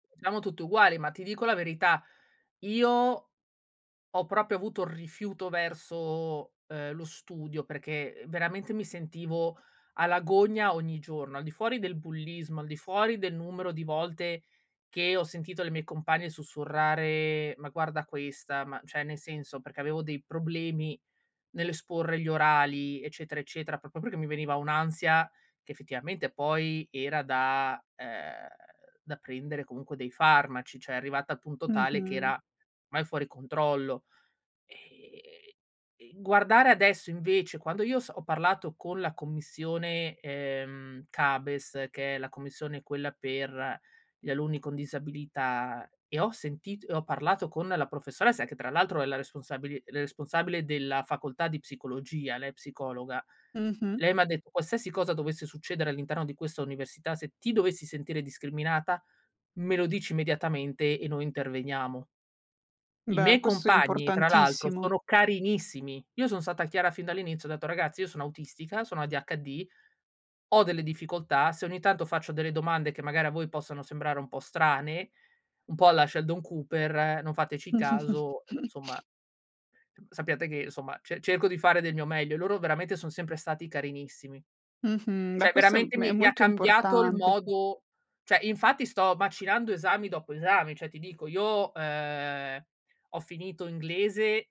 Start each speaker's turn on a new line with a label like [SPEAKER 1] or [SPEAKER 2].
[SPEAKER 1] Siamo tutti uguali, ma ti dico la verità: io ho proprio avuto rifiuto verso, uhm, lo studio, perché veramente mi sentivo alla gogna ogni giorno. Al di fuori del bullismo, al di fuori del numero di volte che ho sentito le mie compagne sussurrare: "Ma guarda questa", ma cioè nel senso, perché avevo dei problemi nell'esporre gli orali, eccetera, eccetera, proprio perché mi veniva un'ansia che effettivamente poi, era da uhm, da prendere comunque dei farmaci, cioè, arrivata al punto tale che
[SPEAKER 2] Mh-mh.
[SPEAKER 1] era mai fuori controllo. Ehm, e guardare adesso invece quando io s ho parlato con la commissione, ehm, CABES, che è la commissione quella per gli alunni con disabilità, e ho sentito e ho parlato con la professoressa che tra l'altro, è la responsabili la responsabile della facoltà di psicologia, lei è psicologa,
[SPEAKER 2] Mh-mh.
[SPEAKER 1] lei m'ha detto: "Qualsiasi cosa dovesse succedere all'interno di questa università, se ti dovessi sentire discriminata, me lo dici immediatamente e noi interveniamo." I
[SPEAKER 2] Beh,
[SPEAKER 1] miei
[SPEAKER 2] questo è
[SPEAKER 1] compagni, tra l'altro,
[SPEAKER 2] importantissimo.
[SPEAKER 1] sono carinissimi. Io son stata chiara fin dall'inizio, ho detto: "Ragazzi, io sono autistica, sono ADHD, ho delle difficoltà. Se ogni tanto faccio delle domande che magari a voi possono sembrare un po' strane, un po' alla Sheldon Cooper, non fateci caso, insomma sappiate che, insomma, ce cerco di fare del mio meglio." Loro veramente son sempre stati carinissimi.
[SPEAKER 2] Mh-mh. Beh,
[SPEAKER 1] Cioè
[SPEAKER 2] questo è
[SPEAKER 1] veramente
[SPEAKER 2] m è
[SPEAKER 1] mi mi ha
[SPEAKER 2] molto
[SPEAKER 1] cambiato il
[SPEAKER 2] importante.
[SPEAKER 1] modo cioè infatti sto macinando esami dopo esami. Cioè, ti dico io, ehm, ho finito inglese